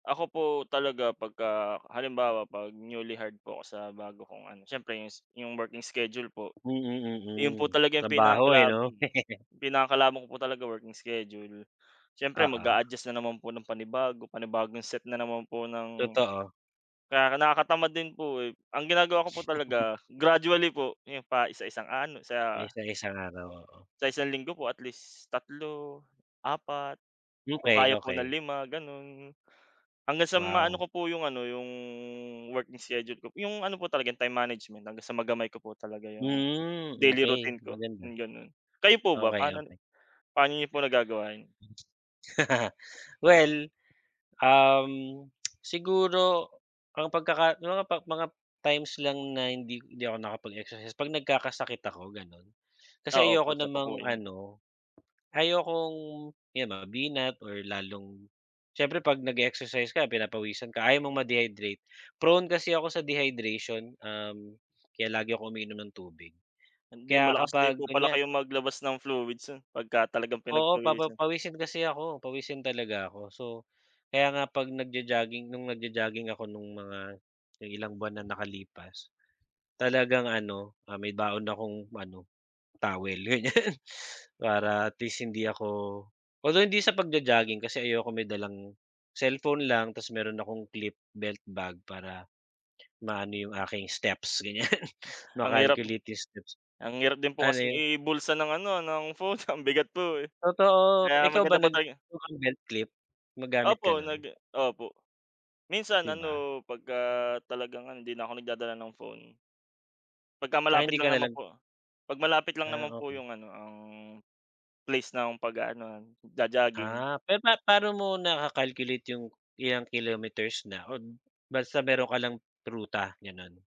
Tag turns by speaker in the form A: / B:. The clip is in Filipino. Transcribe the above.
A: Ako po talaga 'pagka halimbawa 'pag newly hired po ako sa bago kong ano siyempre s yung working schedule po. 'Yon po
B: Mm, mm,
A: talaga yung
B: trabaho eh,
A: pinakakalab
B: 'no?
A: mm, pinakakalaban ko po talaga working schedule siyempre
B: Oo.
A: mag-a-adjust na naman po ng panibago, panibagong set na naman po ng
B: Totoo.
A: kaya nakakatamad din po, eh, ang ginagawa ko po talaga gradually po, 'yon pa isa-isang ano
B: Base
A: sa
B: sa isang araw, oo.
A: Sa 1 isang linggo po at least 3, 4, kung
B: Okey,
A: kaya po ng
B: okey.
A: 5 gano'n. Hanggang sa maano
B: Wow.
A: ko po 'yong ano, 'yong working schedule ko p 'yong ano po talaga time management hanggang sa magamay ko po talaga 'yong
B: Mm,
A: daily
B: okey
A: routine ko,
B: maganda.
A: yung gano'n. Kayo po ba
B: Okey,
A: panon
B: okey.
A: paano niyo po nagagawa yon?
B: Well, um, siguro ang pagkaka may mga pak mga times lang na hindi hindi ako nakapag-exercise pag nagkakasakit ako gano'n. Kasi
A: Ah, opo
B: ayoko
A: 1 pa po
B: namang
A: 'yon.
B: ano ayokong 'yon mabinat or lalong siyempre 'pag nag-e-exercise ka pinapawisan ka ayaw mong ma-dehydrate. Prone kasi ako sa dehydration, uhm, kaya lagi ako uminom ng tubig.
A: Hindi,
B: Kaya
A: malakas din
B: kapag
A: po pala
B: kunya
A: kayong maglabas ng fluids sen, pagka talagang
B: Oo, papa
A: pinagpawisan.
B: pawisin kasi ako pawisin talaga ako. So, kaya nga 'pag nag-jo-jogging no'ng nag-jo-jogging ako nong mga ilang buwan na nakalipas. Talagang ano, ah, may baon akong ano towel ganyan para at least hindi ako although hindi sa pag-jo-jogging kasi ayoko may dalang cellphone lang tapos mayro'n akong clip belt bag para maano 'yong aking steps ganyan
A: Oh, ang hirap
B: ma-calculate 'yong steps.
A: ang hirap din po
B: Ano
A: kasing
B: 'yon?
A: ibulsa ng ano ng phone ang bigat po, eh.
B: Totoo,
A: Kaya
B: ikaw ba
A: maganda po
B: nag
A: tay eh
B: mukang belt clip? Gumagamit ka
A: Opo,
B: 'non?
A: nag opo. Minsan
B: 'Di ba?
A: ano, 'pagka talagang ano hindi na ako nagdadala ng phone. 'Pagka
B: Ah,
A: malapit
B: hindi ka
A: lang
B: na
A: naman
B: lag
A: po. 'Pag malapit lang
B: Ah,
A: naman po
B: okey.
A: yung ano ang place ng pag-aanuhan, jo-jogging.
B: Ah, pero pa paano mo naka-calculate yung ilang kilometers na o basta mayro'n ka lang ruta gano'n.